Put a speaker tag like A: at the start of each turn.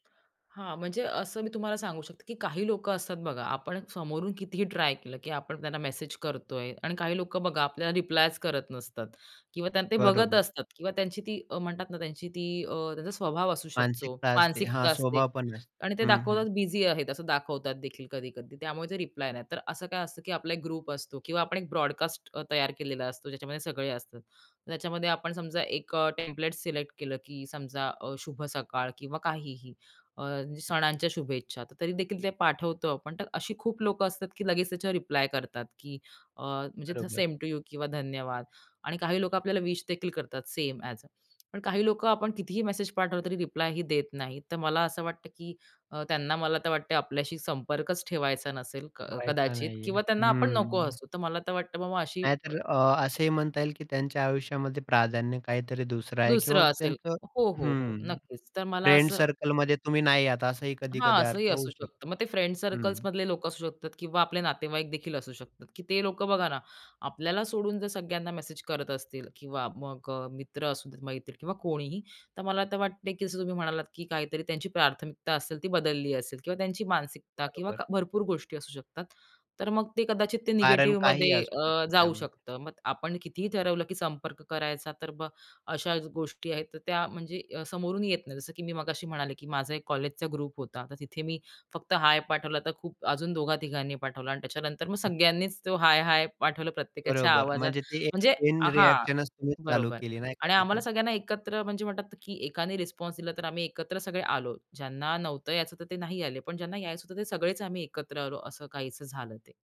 A: हां. म्हणजे असं मी तुम्हाला सांगू शकते, की काही लोक असतात बघा, आपण समोरून कितीही ट्राय केलं, की आपण त्यांना मेसेज करतोय आणि काही लोक बघा, आपल्याला रिप्लायच करत नसतात. किंवा त्यांना ते बघत
B: बरोबर.
A: असतात किंवा त्यांची ती अ, म्हणतात ना, त्यांची ती अ, त्यांचा स्वभाव असू शकतो,
B: मानसिकता असते. हां,
A: मानसिकता असते.
B: स्वभाव पण असते.
A: आणि ते
B: हं, हं.
A: दाखवतात बिझी आहेत असं दाखवतात देखील कधी कधी, त्यामुळे ते रिप्लाय नाही देत. तर असं काय असतं की आपला एक ग्रुप असतो किंवा आपण एक ब्रॉडकास्ट अ, तयार केलेला असतो. ज्याच्यामध्ये सगळे असतात. त्याच्यामध्ये आपण समजा एक अ, टेम्प्लेट सिलेक्ट केलं की समजा अ, शुभ सकाळ किंवा काहीही. अ, सणांच्या शुभेच्छा तरी देखील ते पाठवतो आपण. तर अशी खूप लोक असतात, की लगेच त्याच्यावर रिप्लाय करतात की अ, म्हणजे
B: बरोबर.
A: सेम टू यू किंवा धन्यवाद आणि काही लोक आपल्याला विश देखील करतात सेम ॲज पण काही लोक आपण कितीही मेसेज पाठवलं तरी रिप्लायही देत नाहीत. तर मला असं वाटतं, की अ, त्यांना मला तर वाटते आपल्याशी संपर्कच ठेवायचा नसेल क
B: वाईट का
A: कदाचित
B: नाहीये.
A: किंवा त्यांना आपण नको
B: हं.
A: असू. तर मला तर वाटतं बाबा अशी अ,
B: नाहीतर अ, असेही म्हणता येईल, की त्यांच्या आयुष्यामध्ये प्राधान्य काहीतरी दुसरं आहे
A: दुसरं
B: किंवा
A: असेल.
B: त्यांचं
A: हो, हो, हो.
B: हं,
A: नक्कीच. तर मला
B: फ्रेंड
A: असं
B: सर्कलमध्ये तुम्ही नाही आहात. असाही
A: हां,
B: कधी-कधी
A: असंही
B: अर्थ
A: असू
B: होऊ शकतो.
A: शकतं. मग ते फ्रेंड्स
B: हं.
A: सर्कल्समधले लोक असू शकतात किंवा आपले नातेवाईकदेखील असू शकतात, की ते लोक बघा ना आपल्याला सोडून जर सगळ्यांना मेसेज करत असतील किंवा मग अ, मित्र असू देत, मैत्रीण किंवा कोणीही तर मला तर वाटते, की जसं तुम्ही म्हणालात, की काहीतरी त्यांची प्राथमिकता असेल ती बदलली असेल किंवा त्यांची मानसिकता किंवा
B: बरोबर.
A: क भरपूर गोष्टी असू शकतात. तर मग ते कदाचित ते
B: कारण काहीही
A: निगेटिव्हमध्ये
B: असू
A: अ,
B: शकतं
A: जाऊ
B: त्यामध्ये.
A: शकतं. मग आपण कितीही ठरवलं, की संपर्क करायचा तर मग अशा गोष्टी आहेत, तर त्या म्हणजे अ, समोरून येत नाही. जसं की मी मगाशी म्हणाले की माझा एक कॉलेजचा ग्रुप होता. तर तिथे मी फक्त हाय पाठवला, तर खूप अजून दोघा तिघांनी पाठवला आणि त्याच्यानंतर मग सगळ्यांनीच तो हाय, हाय पाठवलं प्रत्येकाच्या
B: बरोबर
A: आवाजात
B: म्हणजे ते
A: म्हणजे
B: चेन
A: हां,
B: रिएक्शनच तुम्ही चालू
A: बरोबर
B: केली नाही का
A: आणि आम्हाला
B: तिथून?
A: सगळ्यांना एकत्र म्हणजे म्हणतात की एकाने रिस्पॉन्स दिला, तर आम्ही एकत्र सगळे आलो. ज्यांना नव्हतं यायचं तर ते नाही आले, पण ज्यांना यायचं होतं ते सगळेच आम्ही एकत्र आलो. असं काहीचं झालं ते.